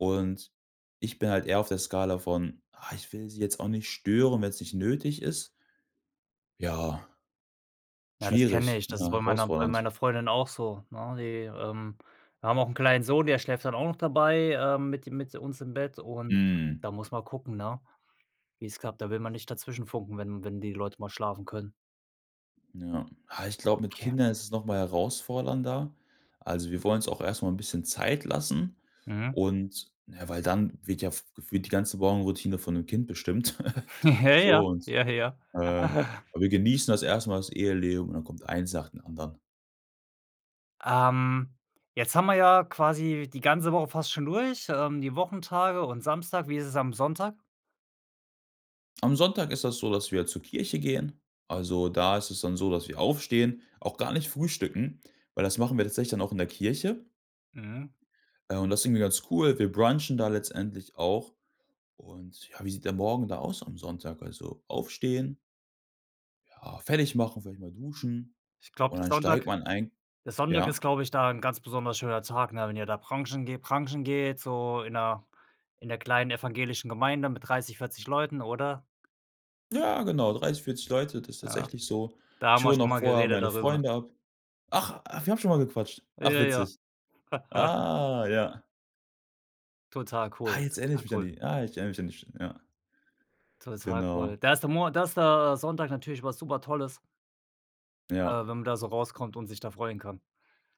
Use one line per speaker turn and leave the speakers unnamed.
Und, ich bin halt eher auf der Skala von, ah: „Ich will sie jetzt auch nicht stören, wenn's nicht nötig ist.“ Ja.
Ja, das kenne
Schwierig,
ich.
ja,
Das ist bei meiner bei
herausfordernd.
meiner Freundin auch so, ne? Die, ähm wir haben auch 'n kleinen Sohn, der schläft dann auch noch dabei, ähm, mit im mit uns im Bett und
Hm.
da muss man gucken, ne, wie's klappt. Da will man nicht dazwischenfunken, wenn wenn die Leute mal schlafen können.
Ja. Ah, ich glaub, mit
Okay.
Kindern ist es noch mal herausfordernder. Also, wir wollen uns auch erst mal 'n bisschen Zeit lassen
Mhm.
und ja, weil dann wird ja f gefühlt die ganze Morgenroutine von 'nem Kind bestimmt.
Ja ja,
So und,
ja ja.
äh, wir genießen das erst mal das Eheleben und dann kommt eins nach dem anderen.
Ähm, jetzt haben wir ja quasi die ganze Woche fast schon durch, ähm, die Wochentage und Samstag. Wie ist es am Sonntag?
Am Sonntag ist das so, dass wir zur Kirche gehen. Also, da ist es dann so, dass wir aufstehen, auch gar nicht frühstücken, weil das machen wir tatsächlich dann auch in der Kirche.
Mhm.
Ja und das ist irgendwie ganz cool, wir brunchen da letztendlich auch. Und ja, wie sieht der Morgen da aus am Sonntag? Also, aufstehen ja, fertig machen, vielleicht mal duschen
Ich glaub,
und
der
dann steigt
Sonntag
man eigen
der Sonntag ist,
ja`
glaub ich, da 'n ganz besonders schöner Tag, ne? Wenn ihr da brunchen geht brunchen geht, so in der in der kleinen evangelischen Gemeinde mit 30, 40 Leuten oder?
Ja, genau, 30, 40 Leute, das ist
Ja,
tatsächlich so.
da haben
Ich
wir
hole
schon
noch
mal
vorher
geredet
meine
darüber.
Freunde ab. Ach ach, wir haben schon mal gequatscht. Ach,
Ja ja.
witzig. Ah, ja.
Total
Ah,
cool,
jetzt erinner ich
total
mich an
cool.
die. Ah, ich erinner mich an die St ja.
Total cool.
Genau.
Da ist der Mon da ist der, äh, Sonntag natürlich was Supertolles äh, wenn
Ja.
man da so rauskommt und sich da freuen kann.